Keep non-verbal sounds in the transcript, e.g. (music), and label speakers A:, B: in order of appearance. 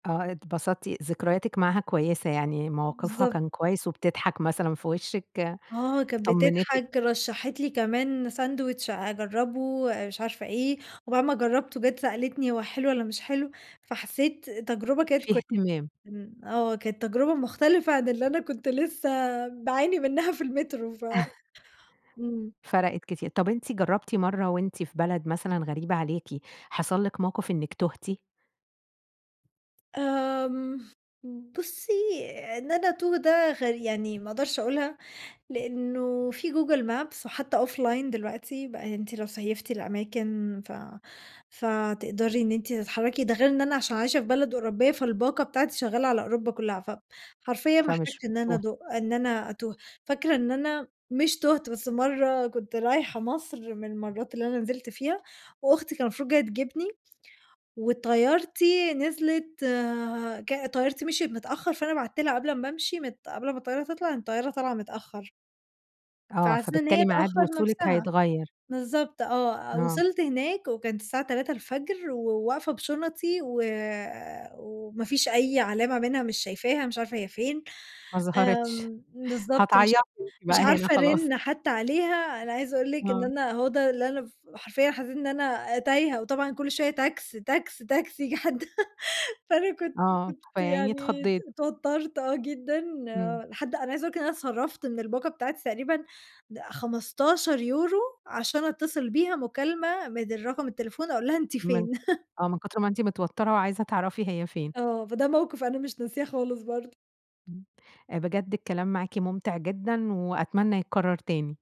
A: آه اتبسطتِ، ذكرياتِك معاها كويسة يعني، موقفها
B: بالضبط.
A: كان كويس وبتضحك مثلًا في وشِّك،
B: آه كانت
A: طمنتِك.
B: بتضحك، رشحت لي كمان ساندويتش أجربه، مش عارفة إيه، وبعد ما جربته، جت سألتني هو حلو والّا مش حلو، فحسيت تجربة كانت ك
A: فيه اهتمام.
B: إمم، آه، كانت تجربة مختلفة عن اللي أنا كنت لسه باعاني منها في المترو ف
A: (laughs)
B: إمم.
A: فرقِت كتي طب أنتِ جربتِ مرة وأنتِ في بلد مثلًا غريبة عليكِ، حصل لِك موقف إنِّك توهتِ؟
B: آمم، بُصي، إن أنا أتوه، ده غري يعني ما أقدرش أقولها لأنه فيه Google maps وحتى offline دلوقتي بقى أنتِ لو سِيّفتِ الأماكن ف فتقدري إن أنتِ تتحركي. ده غير إن أنا عشان عايشة في بلد أوروبية؛ فالباقة بتاعتي شغالة على أوروبا كلها، فحرفيًا ما
A: فمش
B: أحتاجتش إن أنا
A: بتتوهي.
B: أد إن أنا أتوه. فاكرة إن أنا، مش تُوهت، بس مرة كنت رايحة مصر من المرات اللي أنا نزِلت فيها، وأختي كانت المفروض جاية تجيبني، وطيارتي نزلِت، ك طيارتي مشيِت متأخر، فأنا بعتت لها قبل ما أمشي مت قبل ما الطيارة تطلع، إن الطيارة طالعة متأخر.
A: آه،
B: فعلى اساس إن
A: فبالتالي
B: هي
A: ميعاد
B: تأخَّر
A: وصولِك
B: نفسها.
A: هيتغير.
B: بالضبط، آه.
A: آه.
B: وصلْت هناك وكانت الساعة 3:00 الفجر وواقفة بِشُنطي و وما فيش أي علامة منها، مش شايفاها، مش عارفة هي فين.
A: ما ظهرتش،
B: آمم، بالضبط مش
A: هتعيطي أنتِ
B: مش
A: بقى هنا
B: عارفة
A: خلاص.
B: أرن حتى عليها. أنا عايزة أقول لِك إن
A: آه.
B: أنا، هو ده اللي أنا ف حرفيًا حسيت إن أنا تايهة، وطبعًا كل شوية تاكس، تاكس، تاكسي، ييجي حد (laughs) فأنا كنت
A: آه.
B: كنت
A: فيا عيني
B: يعني
A: اتخضيتِ.
B: اتوترت، آه جدًا
A: إمم.
B: لحد أنا عايزة اقول لِك إن أنا اتْصَرَّفْتَ من الباقة بتاعتي تقريبًا، د 15€ عشان أتصل بيها مكالمة من رقم التليفون، أقول لها: "أنتِ
A: من
B: فين؟" (laughs)
A: آه، من كُتر ما أنتِ متوترة وعايزة تعرفي هي فين.
B: آه، فده موقف أنا مش ناسياه خالص برضه.
A: إمم، بجد الكلام معاكِ ممتع، جدًا وأتمنى يتكرر تاني.